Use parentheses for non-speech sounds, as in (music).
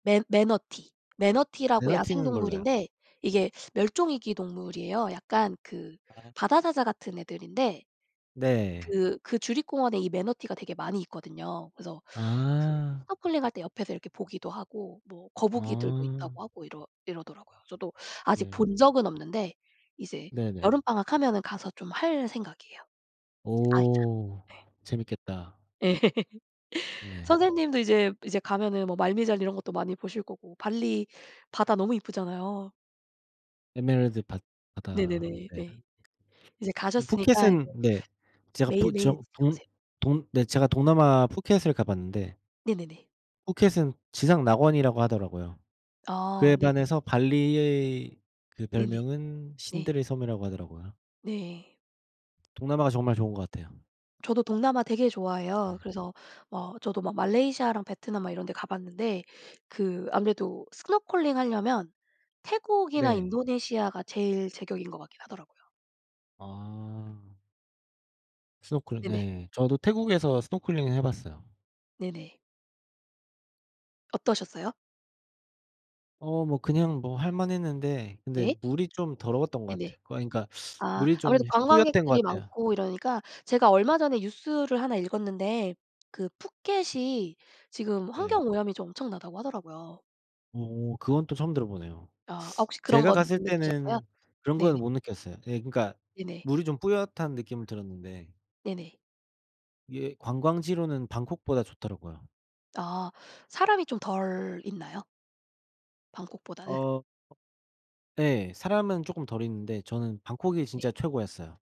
매 매너티. 매너티라고 에너티는 몰라요. 야생동물인데 이게 멸종 위기 동물이에요. 약간 그 아. 바다사자 같은 애들인데 네. 그 그 주립공원에 이 매너티가 되게 많이 있거든요. 그래서 그 아. 스노클링 할 때 옆에서 이렇게 보기도 하고 뭐 거북이들도 아. 있다고 하고 이러 이러더라고요. 저도 아직 네. 본 적은 없는데 이제 네네. 여름방학 하면은 가서 좀 할 생각이에요. 이제 아이랑. 오. 예. 재밌겠다. 예. (laughs) 예. 선생님도 이제 이제 가면은 뭐 말미잘 이런 것도 많이 보실 거고 발리 바다 너무 이쁘잖아요. 에메랄드 바 바다. 네네네. 네. 네. 이제 음 가셨으니까 푸켓은 이제 네. 제가 푸 매일매일 저 느껴 동 보세요. 동 네. 제가 동남아 푸켓을 가봤는데 네네네. 푸켓은 지상낙원이라고 하더라고요. 아. 그에 네네네. 반해서 발리의 그 네네. 별명은 네. 신들의 섬이라고 하더라고요. 네. 동남아가 정말 좋은 것 같아요. 저도 동남아 되게 네. 좋아해요. 그래서 어 저도 막 말레이시아랑 베트남 막 이런 데 가 봤는데 그 아무래도 스노클링 하려면 태국이나 네. 인도네시아가 제일 제격인 것 같긴 하더라고요. 아. 스노클링 네네. 예. 저도 태국에서 스노클링은 해 봤어요. 네네. 어떠셨어요? 어 뭐 그냥 뭐 할 만했는데 근데 네. 물이 좀 더러웠던 것 네네. 같아요. 어 그러니까 아 물이 좀 아무래도 뿌옜던 관광객들이 것 같아요. 많고 이러니까 제가 얼마 전에 뉴스를 하나 읽었는데 그 푸켓이 지금 네. 환경오염이 좀 엄청나다고 하더라고요. 어 그건 또 처음 들어보네요. 아. 아 혹시 그런 제가 건 갔을 못 느끼셨어요? 때는 그런 네네. 거는 못 느꼈어요. 예 그러니까 네네. 물이 좀 뿌옇다는 느낌은 들었는데. 네네. 예 관광지로는 방콕보다 좋더라고요. 아. 사람이 좀 덜 있나요? 어. 방콕보다는? 어. 예. 사람은 쪼끔 덜 있는데 저는 방콕이 진짜 네. 최고였어요.